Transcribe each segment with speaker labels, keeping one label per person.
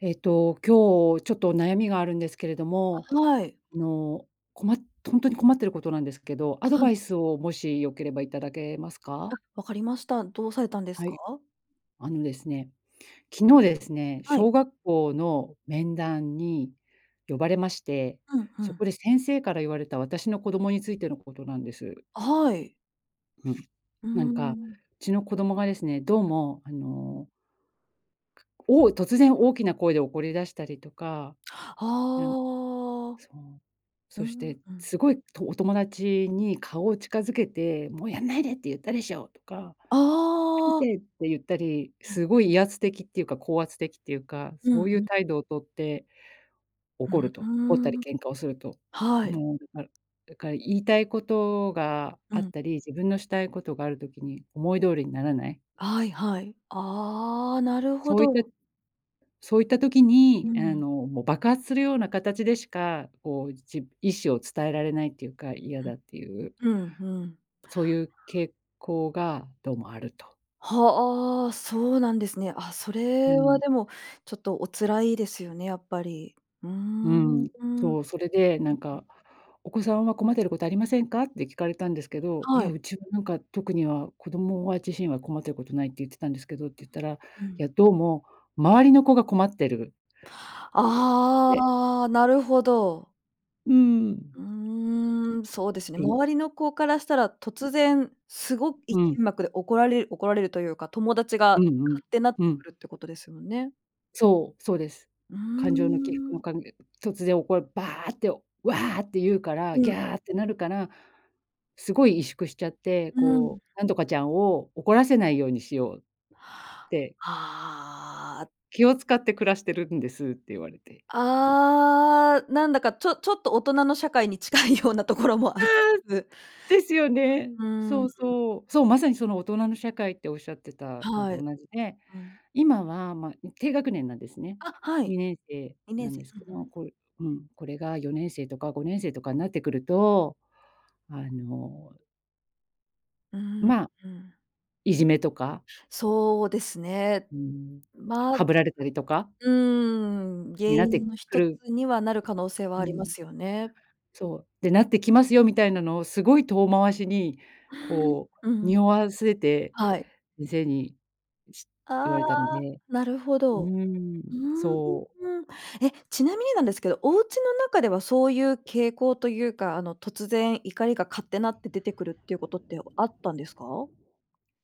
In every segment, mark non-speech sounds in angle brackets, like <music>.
Speaker 1: えっと、今日ちょっと悩みがあるんですけれど
Speaker 2: あ、
Speaker 1: も、
Speaker 2: はい。
Speaker 1: あの、こまとほんとに困ってることなんですけど、アド
Speaker 2: は
Speaker 1: バ
Speaker 2: い。
Speaker 1: イスをもし良ければいただけますか？
Speaker 2: あ、分かりました。どうされたんです
Speaker 1: は
Speaker 2: か？
Speaker 1: い。あのですね、昨日ですね、
Speaker 2: は
Speaker 1: 小
Speaker 2: い。
Speaker 1: 学校の面談に呼ばれまして、
Speaker 2: うんう
Speaker 1: そ
Speaker 2: ん。
Speaker 1: こで先生から言われた私の子供についてのことなんです。
Speaker 2: あ、はい。
Speaker 1: うん、
Speaker 2: うー
Speaker 1: なんかう
Speaker 2: ん。
Speaker 1: ちの子供がですね、どう
Speaker 2: うん。
Speaker 1: もあのおお突然大きな声で怒り出したりとか、なん
Speaker 2: ああ。
Speaker 1: そう。
Speaker 2: うう
Speaker 1: そして、
Speaker 2: ん。
Speaker 1: すごい、とお友達に顔を近づけて、「もうやんないでって言ったでしょう」とか、「見
Speaker 2: ああ。
Speaker 1: て」って言ったり、
Speaker 2: うん。
Speaker 1: すごい威圧的っていうか高圧的っていうか、
Speaker 2: う
Speaker 1: そ
Speaker 2: ん
Speaker 1: うい
Speaker 2: う
Speaker 1: う
Speaker 2: ん。
Speaker 1: 態度をとって、怒る
Speaker 2: う
Speaker 1: と、怒っ
Speaker 2: ー
Speaker 1: たり
Speaker 2: ん。
Speaker 1: 喧嘩をすると。
Speaker 2: はい。
Speaker 1: もう、だかだから言いたいことが
Speaker 2: う
Speaker 1: あっ
Speaker 2: ん。
Speaker 1: たり、自分のしたいことがある時に思い通りにならない。
Speaker 2: はいはい。ああ、なるほ
Speaker 1: そういった
Speaker 2: ど。
Speaker 1: そういった時
Speaker 2: う
Speaker 1: に、あ
Speaker 2: ん。
Speaker 1: の、もう爆発するような形でしか、こう、じ意思を伝えられないっていうか、嫌だっていう。
Speaker 2: ふん。うんうん。
Speaker 1: そういう傾向がどうもあると。
Speaker 2: はあ、そうなんですね。あ、そ
Speaker 1: う
Speaker 2: れは
Speaker 1: ん。
Speaker 2: でも、ちょっとお辛いですよね、やっぱり。うー
Speaker 1: う
Speaker 2: ん。う
Speaker 1: ん、
Speaker 2: ん。
Speaker 1: そう。それでなん
Speaker 2: うん。
Speaker 1: か、「お子さんは困ってることありませんか？」って聞かれたんですけど、「い
Speaker 2: は
Speaker 1: や、
Speaker 2: い。
Speaker 1: うちはなんか特には子供は自身は困ってることない」って言ってたんですけどって言ったら、い
Speaker 2: <unintelligible> う
Speaker 1: や
Speaker 2: ん。
Speaker 1: どうも、周りの子が困ってるって。
Speaker 2: ああ、なるほど。
Speaker 1: うーん。
Speaker 2: うーん、そうですね。
Speaker 1: うん。
Speaker 2: 周りの子からしたら、突然すごい
Speaker 1: うん。
Speaker 2: 剣幕で怒られ怒られるというか、友達が
Speaker 1: うんう
Speaker 2: カ
Speaker 1: ん、
Speaker 2: ッてなって
Speaker 1: うん。
Speaker 2: くるってことですよね。
Speaker 1: そう、そうです。
Speaker 2: うー
Speaker 1: 感情の起伏の
Speaker 2: ん。
Speaker 1: かんげ突然おこ「バー」って、「ワー」って言うから、
Speaker 2: う
Speaker 1: 「ギ
Speaker 2: ん。
Speaker 1: ャー」ってなるから、すごい萎縮しちゃって、
Speaker 2: うん。
Speaker 1: こう、なんとかちゃんを怒らせないようにしようって
Speaker 2: ああ。
Speaker 1: 「気を遣って暮らしてるんです」って言われて。
Speaker 2: ああ、なんだかちょちょっと大人の社会に近いようなところもあ
Speaker 1: あ
Speaker 2: リ、
Speaker 1: あ、
Speaker 2: つ
Speaker 1: ですよね。
Speaker 2: う
Speaker 1: そ
Speaker 2: ん。
Speaker 1: うそう。そう、まさにその大人の社会っておっしゃってたの
Speaker 2: は
Speaker 1: と
Speaker 2: い。
Speaker 1: 同じで、
Speaker 2: うん。
Speaker 1: 今は、ま、低学年なんですね。
Speaker 2: あ、はい。
Speaker 1: にねんせ
Speaker 2: に
Speaker 1: い
Speaker 2: ね
Speaker 1: な
Speaker 2: ん
Speaker 1: ん
Speaker 2: せい。
Speaker 1: です
Speaker 2: うん
Speaker 1: け
Speaker 2: うん。
Speaker 1: ど、これうん、これが4年生とか5年生とかになってくると、あの
Speaker 2: うーん、
Speaker 1: まあ、
Speaker 2: うん。
Speaker 1: いじめとか
Speaker 2: そうですね。
Speaker 1: うーん、
Speaker 2: ま、う
Speaker 1: ハブられたりとか
Speaker 2: ーん、原
Speaker 1: になって
Speaker 2: 因のひ
Speaker 1: く
Speaker 2: とつ
Speaker 1: る
Speaker 2: にはなる可能性は
Speaker 1: う
Speaker 2: ありま
Speaker 1: ん。
Speaker 2: すよね。
Speaker 1: うん。そう、で、なってきますよみたいなのをすごい遠回しに、
Speaker 2: うん。
Speaker 1: こ
Speaker 2: う
Speaker 1: う、
Speaker 2: ん。
Speaker 1: 匂わせて、
Speaker 2: はい。
Speaker 1: 先生にし言
Speaker 2: あ
Speaker 1: われたの
Speaker 2: あ、
Speaker 1: で
Speaker 2: なるほ
Speaker 1: う
Speaker 2: ど。
Speaker 1: ーん、
Speaker 2: うーん。
Speaker 1: そう。
Speaker 2: え、ちなみになんですけど、おうちの中ではそういう傾向というか、あの、突然怒りがかッてなって出てくるっていうことってあったんですか？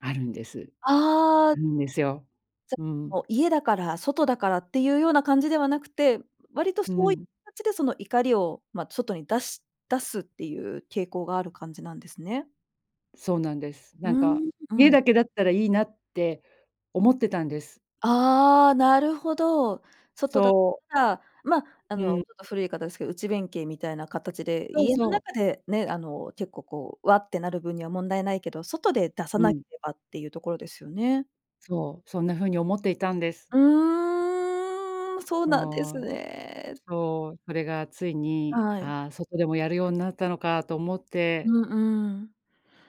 Speaker 1: あるんです。
Speaker 2: あ
Speaker 1: あ
Speaker 2: あ。
Speaker 1: るんですよ。
Speaker 2: じゃ、
Speaker 1: うん。
Speaker 2: もう家だから、外だからっていうような感じではなくて、割と
Speaker 1: う
Speaker 2: そういう
Speaker 1: ん。
Speaker 2: 形でその、怒りを、ま、外に出し出すっていう傾向がある感じなんですね。
Speaker 1: そうなんです。
Speaker 2: うー
Speaker 1: なんか、
Speaker 2: ん、う
Speaker 1: 家
Speaker 2: ん。
Speaker 1: だけだったらいいなって思ってたんです。
Speaker 2: ああ、なるほど。外だっ
Speaker 1: そう。
Speaker 2: たら、まあ、あ
Speaker 1: う
Speaker 2: のちょ
Speaker 1: ん。
Speaker 2: っと古い言い方ですけど、内弁慶みたいな形で、
Speaker 1: そう
Speaker 2: 家の
Speaker 1: そう。
Speaker 2: 中でね、あの結構こう、わってなる分には問題ないけど、外で出さ
Speaker 1: う
Speaker 2: なけ
Speaker 1: ん。
Speaker 2: ればっていうところですよね。
Speaker 1: そう。そんな風に思っていたんです。
Speaker 2: うーん。そうなんです
Speaker 1: そう。
Speaker 2: ね。
Speaker 1: そう。それがついに、
Speaker 2: はい。
Speaker 1: あ、外でもやるようになったのかと思っ
Speaker 2: う
Speaker 1: て。
Speaker 2: んうん。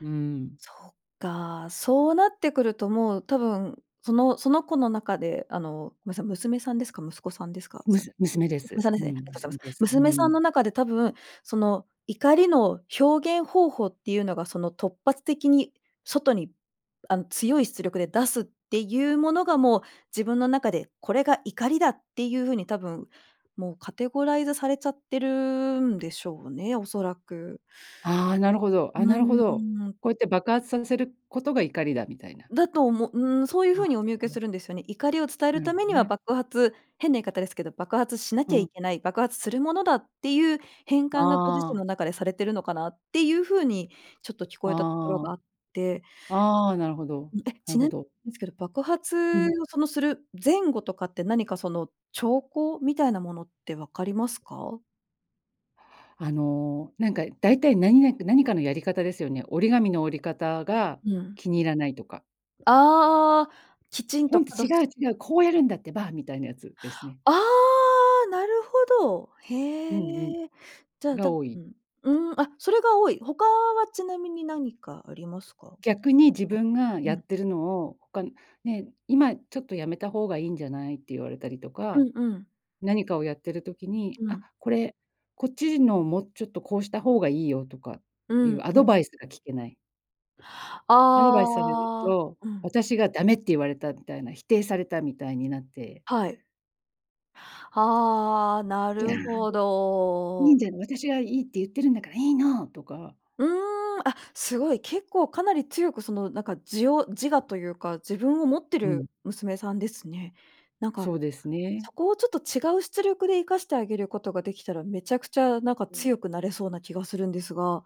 Speaker 1: うん。
Speaker 2: そっか。そうなってくるともう、多分、そのその子の中で、あの、むさ娘さんですか？息子さんですか？
Speaker 1: む
Speaker 2: さ
Speaker 1: す娘で
Speaker 2: 娘
Speaker 1: す。
Speaker 2: さんで
Speaker 1: う
Speaker 2: すね。あり
Speaker 1: ん。
Speaker 2: がとうござ
Speaker 1: 娘
Speaker 2: いま
Speaker 1: で
Speaker 2: す。
Speaker 1: す。う
Speaker 2: 娘さんの
Speaker 1: ん。
Speaker 2: 中で多分、その怒りの表現方法っていうのが、その突発的に外に、あの強い出力で出すっていうものが、もう自分の中でこれが怒りだっていう風に多分、もうカテゴライズされちゃってるんでしょうね、恐らく。
Speaker 1: ああ、なるほど。
Speaker 2: う
Speaker 1: あ、なるほど。
Speaker 2: ーん。
Speaker 1: こうやって爆発させることが怒りだ、みたいな。
Speaker 2: だと思うーん、そういう風に
Speaker 1: あ、
Speaker 2: お見受けす
Speaker 1: <unintelligible>
Speaker 2: るんですよね。怒りを伝える
Speaker 1: なる
Speaker 2: た
Speaker 1: ほ
Speaker 2: めに
Speaker 1: ど
Speaker 2: は
Speaker 1: ね。
Speaker 2: 爆発変な言い方ですけど、爆発しな
Speaker 1: う
Speaker 2: きゃい
Speaker 1: ん。
Speaker 2: けない、爆発するものだっていう変換が、ご自
Speaker 1: あ
Speaker 2: 身
Speaker 1: あ。
Speaker 2: の中でされているのかなっていう風にちょっと聞こえたところがあ
Speaker 1: ああ。
Speaker 2: って、
Speaker 1: ああ、なるほど。
Speaker 2: え、
Speaker 1: な
Speaker 2: ち
Speaker 1: る
Speaker 2: な
Speaker 1: ほど。
Speaker 2: ですけど、爆
Speaker 1: う
Speaker 2: 発
Speaker 1: ん。
Speaker 2: をそのする前後とかって、何かその兆候みたいなものって分かりますか？
Speaker 1: あの、なんかだいたい何々か何かのやり方ですよね。折り紙の折り方が
Speaker 2: うん。
Speaker 1: 気に入らないとか。
Speaker 2: ああ、きちん
Speaker 1: ホ
Speaker 2: と、
Speaker 1: ント、
Speaker 2: かど
Speaker 1: 違
Speaker 2: す
Speaker 1: う違う、こうやるんだってば、みたいなやつですね。
Speaker 2: ああ、なるほど。
Speaker 1: うんうん。
Speaker 2: へえ。じゃあ、だ
Speaker 1: が多
Speaker 2: う
Speaker 1: い。
Speaker 2: ん、うーん、あ、それが多い。他はちなみに何かありますか？
Speaker 1: 逆に自分が
Speaker 2: あん。
Speaker 1: や
Speaker 2: うん。
Speaker 1: ってるのを、他のね、今ちょっとやめた方がいいんじゃないって言われたりと
Speaker 2: う
Speaker 1: か、
Speaker 2: んうん。
Speaker 1: 何かをやってる時に、
Speaker 2: う
Speaker 1: あ、
Speaker 2: ん。
Speaker 1: これ、こっちのもうちょっとこうした方がいいよとかっ
Speaker 2: う
Speaker 1: ていう
Speaker 2: ん
Speaker 1: ア
Speaker 2: うん。
Speaker 1: ドバイスが聞けない。アドバイスされる
Speaker 2: ああ、
Speaker 1: と、
Speaker 2: うん。
Speaker 1: 私がダメって言われたみたいな、否定されたみたいになって。
Speaker 2: はい。はあ、な
Speaker 1: 「ギャー」
Speaker 2: るほ
Speaker 1: で、「い
Speaker 2: ど。
Speaker 1: いじゃん、私がいいって言ってるんだからいいの」とか。
Speaker 2: うーん。あ、すごい、結構かなり強く、そのなんか、自を自我というか、自分を持って
Speaker 1: う
Speaker 2: る
Speaker 1: ん。
Speaker 2: 娘さんですね。なんか、
Speaker 1: そうですね。
Speaker 2: そこをちょっと違う出力で活かしてあげることができたら、めちゃくちゃなんか
Speaker 1: うん。
Speaker 2: 強くなれそうな気がするんですが、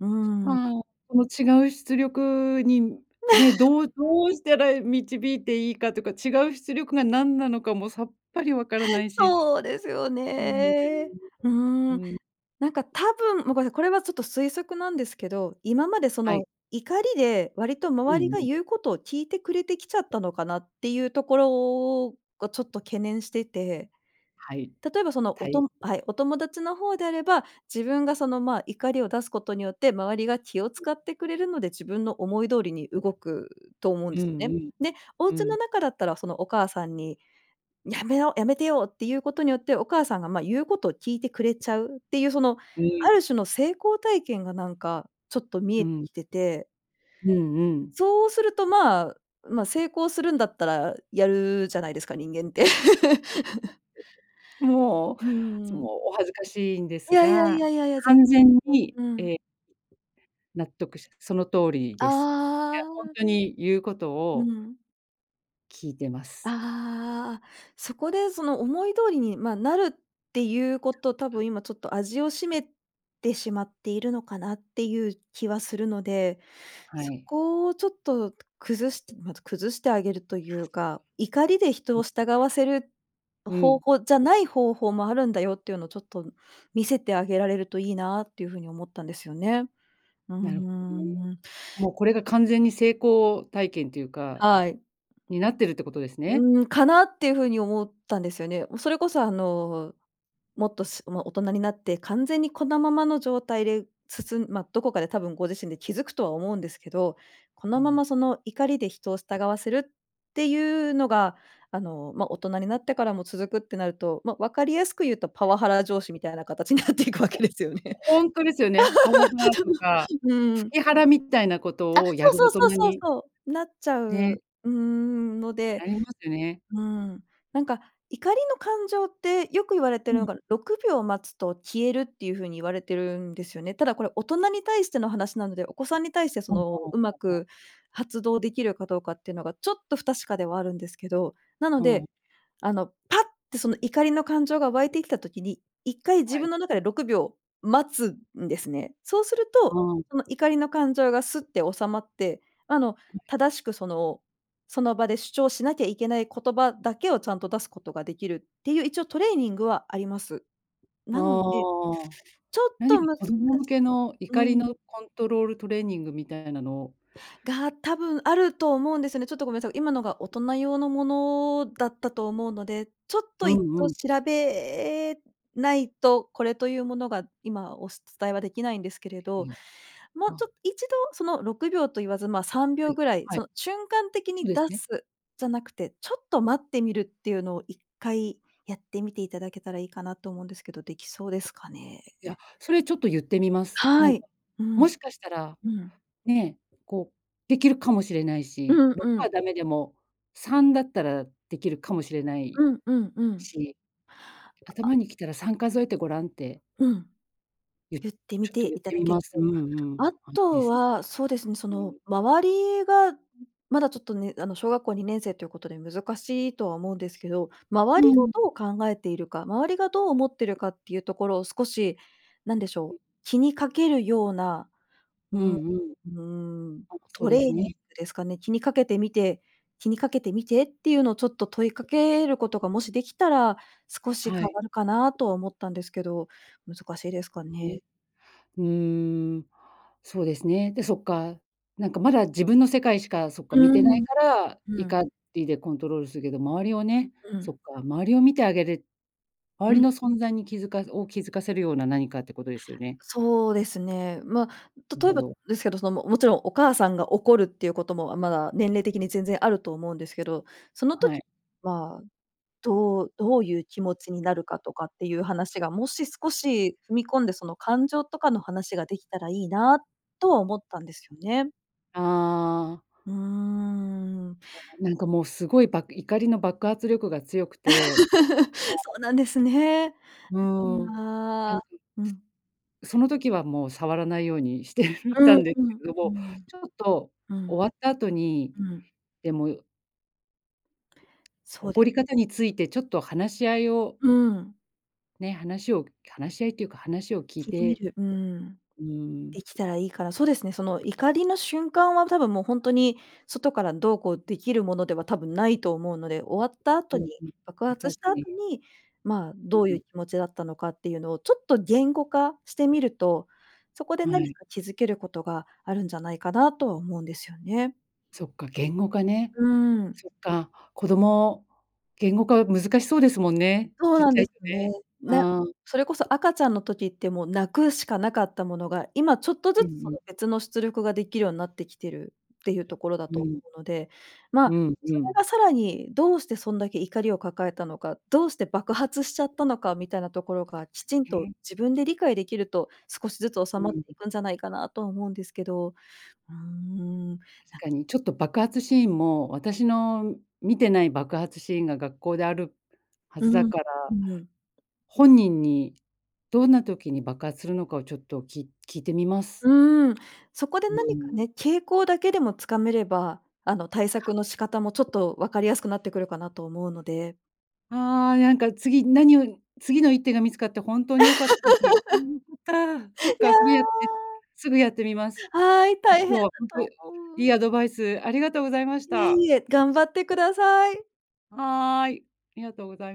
Speaker 2: うーん。
Speaker 1: はあ、この違う出力に、ね、
Speaker 2: <laughs>
Speaker 1: どうどうしたら導いていいかとか、違う出力が何なのかもさっぱりわからないし、ほ
Speaker 2: そうですよ
Speaker 1: うなんですよね。
Speaker 2: ね。うー
Speaker 1: う
Speaker 2: ん。
Speaker 1: ん。
Speaker 2: なんか多分もうごめんなさい、これはちょっと推測なんですけど、今までそ
Speaker 1: は
Speaker 2: の
Speaker 1: い。
Speaker 2: 怒りで割と
Speaker 1: うん
Speaker 2: 周りが
Speaker 1: うん。
Speaker 2: 言うことを聞いてくれてきちゃったのかなっていうところをがちょっと懸念してて。
Speaker 1: はい、
Speaker 2: 例えばそのお
Speaker 1: た
Speaker 2: と
Speaker 1: い。
Speaker 2: もはい、お友達の方であれば、自分がそのまあ怒りを出すことによって、周りが気を
Speaker 1: うん。
Speaker 2: 使ってくれるので、自分の思い通りに動くと思うん
Speaker 1: うん
Speaker 2: ですね。
Speaker 1: うん。
Speaker 2: で、お
Speaker 1: う
Speaker 2: 家の
Speaker 1: ん。
Speaker 2: 中だったらそのお母さんに、やめろ、やめてよっていうことによって、お母さんが、ま、言うことを聞いてくれちゃうっていう、その
Speaker 1: うー
Speaker 2: あ
Speaker 1: ん。
Speaker 2: る種の成功体験がなんかちょっと見
Speaker 1: う
Speaker 2: えて
Speaker 1: ん。
Speaker 2: きてて
Speaker 1: うんうん。
Speaker 2: そうすると、まあまあ、成功するんだったらやるじゃないですか、人間って。<laughs>
Speaker 1: <unintelligible> もう、
Speaker 2: う
Speaker 1: そ
Speaker 2: ー
Speaker 1: の
Speaker 2: ん。
Speaker 1: お恥ずかしいんで
Speaker 2: い
Speaker 1: す
Speaker 2: やいやい
Speaker 1: が、
Speaker 2: やいやいや、全
Speaker 1: 完
Speaker 2: 然。
Speaker 1: 全に、
Speaker 2: うん。
Speaker 1: え納得し、その通りです。いや、
Speaker 2: あ
Speaker 1: ホン
Speaker 2: あ。
Speaker 1: トに言うこと
Speaker 2: う
Speaker 1: を
Speaker 2: ん。
Speaker 1: 聞いてます。
Speaker 2: ああ。そこでその思い通りに、ま、なるっていうこと多分今ちょっと味を占めてしまっているのかなっていう気はするので、
Speaker 1: は
Speaker 2: そ
Speaker 1: い。
Speaker 2: こをちょっと崩してまず崩してあげるというか、怒りで人を
Speaker 1: <unintelligible>
Speaker 2: 従わせる
Speaker 1: う
Speaker 2: 方
Speaker 1: ん。
Speaker 2: 法じゃない方法もあるんだよっていうのをちょっと見せてあげられるといいなっていうふうに思ったんですよね。うー
Speaker 1: なるほどね、
Speaker 2: ん。
Speaker 1: もうこれが完全に成功体験ていうか
Speaker 2: はい。
Speaker 1: になってるってことですね？
Speaker 2: うーん、かなっていうふうに思ったんですよね。それこそあの、もっと、すま、大人になって完全にこのままの状態でつつんま、どこかで多分ご自身で気づくとは思うんですけど、こ
Speaker 1: う
Speaker 2: のま
Speaker 1: ん。
Speaker 2: まその怒りで人を従わせるっていうのがあの、ま、大人になってからも続くってなると、ま、わかりやすく言うとパワハラ上司みたいな形になっていくわ
Speaker 1: いや、
Speaker 2: けですよね。
Speaker 1: ホントですよね。パワ
Speaker 2: <laughs>
Speaker 1: ハラ
Speaker 2: ちょっと。
Speaker 1: とか、
Speaker 2: う
Speaker 1: フ
Speaker 2: ん。
Speaker 1: キハラみたいなこ
Speaker 2: あ、
Speaker 1: とをや
Speaker 2: そう
Speaker 1: る
Speaker 2: そ
Speaker 1: 大
Speaker 2: う
Speaker 1: 人
Speaker 2: そうそう
Speaker 1: に。
Speaker 2: そう。なっちゃ
Speaker 1: ね。
Speaker 2: う、うーん、ので。
Speaker 1: ありますよね。
Speaker 2: うーん。なんか、怒りの感情ってよく言われて
Speaker 1: う
Speaker 2: るの
Speaker 1: ん。
Speaker 2: が6秒待つと消えるっていうふうに言われてるんですよね。ただこれ大人に対しての話なので、お子さんに対してそのうま
Speaker 1: <unintelligible>
Speaker 2: く発動できるかどうかっていうのがちょっと不確かではあるんですけど。なの
Speaker 1: うん。
Speaker 2: で、あのパッってその怒りの感情が湧いてきた時に、一回自
Speaker 1: は
Speaker 2: 分
Speaker 1: い。
Speaker 2: の中で6秒待つんですね。そうする
Speaker 1: あ
Speaker 2: と、
Speaker 1: ん。
Speaker 2: その怒りの感情がすって収まって、あの
Speaker 1: <unintelligible>
Speaker 2: 正しくそのその場で主張しなきゃいけない言葉だけをちゃんと出すことができるっていう一応トレーニングはあります。
Speaker 1: あ
Speaker 2: なので、
Speaker 1: あ、
Speaker 2: ちょっ
Speaker 1: 何
Speaker 2: と
Speaker 1: か
Speaker 2: 難
Speaker 1: 子
Speaker 2: し
Speaker 1: 供向けの
Speaker 2: う
Speaker 1: 怒りの
Speaker 2: ーん。
Speaker 1: コントロールトレーニングみたいなのを。
Speaker 2: が、たぶんあると思うんですよね。ちょっとごめんなさい、今のが大人用のものだったと思うので、ちょっ
Speaker 1: う
Speaker 2: と一
Speaker 1: んう
Speaker 2: 度
Speaker 1: ん。
Speaker 2: 調べないと、これというものが今お伝えはできないんですけれ
Speaker 1: い
Speaker 2: ど、
Speaker 1: や、
Speaker 2: もう
Speaker 1: あ。
Speaker 2: ちょと一度その6秒と言わず、ま、さんびょ
Speaker 1: は
Speaker 2: う
Speaker 1: い、
Speaker 2: ぐらい、
Speaker 1: は
Speaker 2: そ
Speaker 1: い。
Speaker 2: の瞬間的
Speaker 1: そう
Speaker 2: に
Speaker 1: です
Speaker 2: 出
Speaker 1: ね。
Speaker 2: す、じゃなくて、ちょっと待ってみるっていうのを一回やってみていただけたらいいかなと思うんですけど、できそうですかね？
Speaker 1: いや、それちょっと言ってみます。
Speaker 2: は
Speaker 1: なん
Speaker 2: い。
Speaker 1: か、
Speaker 2: う
Speaker 1: も
Speaker 2: ん。
Speaker 1: しかしたら、
Speaker 2: うん。
Speaker 1: ね、こう、できるかもしれないし、
Speaker 2: うん
Speaker 1: 6
Speaker 2: う
Speaker 1: は
Speaker 2: ん。
Speaker 1: ダメでも、3だったらできるかもしれない
Speaker 2: うんうんうん。
Speaker 1: し。
Speaker 2: あ、あ。
Speaker 1: 頭に来たら3数えてごらんって
Speaker 2: うん。
Speaker 1: 言っ
Speaker 2: 言ってみ
Speaker 1: ちょっ
Speaker 2: て
Speaker 1: と言っ
Speaker 2: いた
Speaker 1: て
Speaker 2: だ
Speaker 1: み
Speaker 2: け
Speaker 1: ま
Speaker 2: る
Speaker 1: す。う
Speaker 2: と。
Speaker 1: んうん。
Speaker 2: あ
Speaker 1: あ、いいで
Speaker 2: と
Speaker 1: すね。
Speaker 2: は、そうですね、そ
Speaker 1: う
Speaker 2: の
Speaker 1: ん。
Speaker 2: 周りが、う、まだちょっとね、あの小学校二年生ということで難しいとは思うんですけど、周
Speaker 1: う
Speaker 2: りが
Speaker 1: ん。
Speaker 2: どう考えているか、周りがどう思ってるかっていうところを少し、なんでしょう、
Speaker 1: <unintelligible>
Speaker 2: 気にかけるような、う
Speaker 1: う
Speaker 2: ん、う
Speaker 1: んうん。
Speaker 2: ーん、
Speaker 1: あ、そう
Speaker 2: トレ
Speaker 1: で
Speaker 2: ー
Speaker 1: すね。
Speaker 2: ニングですかね、気にかけてみて気にかけてみてっていうのをちょっと問いかけることがもしできたら、少し
Speaker 1: は
Speaker 2: 変
Speaker 1: い。
Speaker 2: わるかなとは思ったんですけど、難しいです
Speaker 1: で
Speaker 2: か
Speaker 1: す
Speaker 2: ね。
Speaker 1: ね。うーん。そうですね。で、そっか、なんかまだ自分の世界しか、そっか見
Speaker 2: う
Speaker 1: てない
Speaker 2: ん、
Speaker 1: から、
Speaker 2: ふん。
Speaker 1: 怒りでコントロールするけど、周りをね、
Speaker 2: う
Speaker 1: そ
Speaker 2: ん。
Speaker 1: っか、周りを見てあげる周
Speaker 2: う
Speaker 1: り
Speaker 2: ん。
Speaker 1: の存在に気付かずを、気付かせるような何かってことですよね。
Speaker 2: そうですね。ま、
Speaker 1: なる
Speaker 2: 例え
Speaker 1: ほ
Speaker 2: ば
Speaker 1: ど。
Speaker 2: ですけど、そのももちろん、お母さんが怒るっていうこともまだ年齢的に全然あると思うんですけど、その
Speaker 1: は
Speaker 2: 時
Speaker 1: い。
Speaker 2: はどうどういう気持ちになるかとかっていう話が、もし少し踏み込んで、その感情とかの話ができたらいいなとは思ったんですよね。
Speaker 1: ああ。
Speaker 2: うーん。
Speaker 1: なんかもうすごい、ば怒りの爆発力が強くて、
Speaker 2: <laughs> そ
Speaker 1: そう。
Speaker 2: うなんですね。
Speaker 1: うーん、な
Speaker 2: あ
Speaker 1: ん
Speaker 2: あ、
Speaker 1: か。
Speaker 2: うん。
Speaker 1: その時はもう触らないようにしてた
Speaker 2: うん
Speaker 1: んです
Speaker 2: うん。
Speaker 1: けど
Speaker 2: うー
Speaker 1: も、
Speaker 2: ん、
Speaker 1: ちょっと
Speaker 2: うん。
Speaker 1: 終わった後に、
Speaker 2: うん。
Speaker 1: でも
Speaker 2: そうで
Speaker 1: 怒り方についてちょっと話し合いを。
Speaker 2: うん。
Speaker 1: ね、話を話し合いというか、話を聞い
Speaker 2: 聞いてみ
Speaker 1: て
Speaker 2: る。うーん。
Speaker 1: うん。
Speaker 2: できたらいいから、そうですね、その怒りの瞬間は多分もう本当に外からどうこうできるものでは多分ないと思うので、終わった
Speaker 1: う
Speaker 2: 後に、
Speaker 1: んうん、
Speaker 2: 爆
Speaker 1: わか
Speaker 2: 発した後
Speaker 1: <unintelligible>
Speaker 2: に、ま、
Speaker 1: う、
Speaker 2: どう
Speaker 1: う
Speaker 2: いう
Speaker 1: ん。
Speaker 2: 気持ちだったのかっていうのをちょっと言語化してみると、そこで
Speaker 1: は
Speaker 2: 何
Speaker 1: い。
Speaker 2: か気づけることがあるんじゃないかなとは思うんですよね。
Speaker 1: そっか、言語化ね。
Speaker 2: うん。
Speaker 1: そっか、子供、言語化は難しそうですもんね、
Speaker 2: そう
Speaker 1: ちっ
Speaker 2: なん
Speaker 1: ちゃ
Speaker 2: で
Speaker 1: い
Speaker 2: す
Speaker 1: と
Speaker 2: ね。
Speaker 1: ね。
Speaker 2: な
Speaker 1: ああ。
Speaker 2: それこそ赤ちゃんの時ってもう泣くしかなかったものが、今ちょっと
Speaker 1: う
Speaker 2: ず
Speaker 1: んう
Speaker 2: つその
Speaker 1: ん。
Speaker 2: 別の出力ができるようになってきているっていうところだ
Speaker 1: う
Speaker 2: と
Speaker 1: ん。
Speaker 2: 思うので、ま、
Speaker 1: うん
Speaker 2: そ
Speaker 1: う
Speaker 2: れ
Speaker 1: ん。
Speaker 2: がさらに、どうしてそんだけ怒りを抱えたのか、どうして爆発しちゃったのかみたいなところがきちんと
Speaker 1: ね。
Speaker 2: 自分で理解できると、少しずつ収
Speaker 1: う
Speaker 2: まっ
Speaker 1: ん。
Speaker 2: ていくんじゃないかなとは思うんですけど。うーん。
Speaker 1: 確
Speaker 2: なか
Speaker 1: かにちょっと爆発シーンも、私の見てない爆発シーンが学校であるは
Speaker 2: う
Speaker 1: ずだ
Speaker 2: ん、
Speaker 1: から、
Speaker 2: うん。
Speaker 1: 本人にどんな時に爆発するのかをちょっとき聞いてみます。
Speaker 2: うーん、そこで
Speaker 1: うー
Speaker 2: 何か
Speaker 1: ん。
Speaker 2: ね、傾向だけでもつかめれば、あの対策の仕方もちょっと分かりやすくなってくるかなと思うので。
Speaker 1: ああ、なんか次何を次の一手が見つかって本当に良かったですよ。<unintelligible> か。そ
Speaker 2: <laughs>
Speaker 1: っ
Speaker 2: いや
Speaker 1: かそれやって、すぐやってみます。
Speaker 2: あ。はい、大変だ
Speaker 1: 今日は本当い
Speaker 2: と思う。
Speaker 1: いアドバイスありがとうございまし
Speaker 2: いえ
Speaker 1: た。
Speaker 2: いえ、頑張ってください。
Speaker 1: はい、ありがとうござい。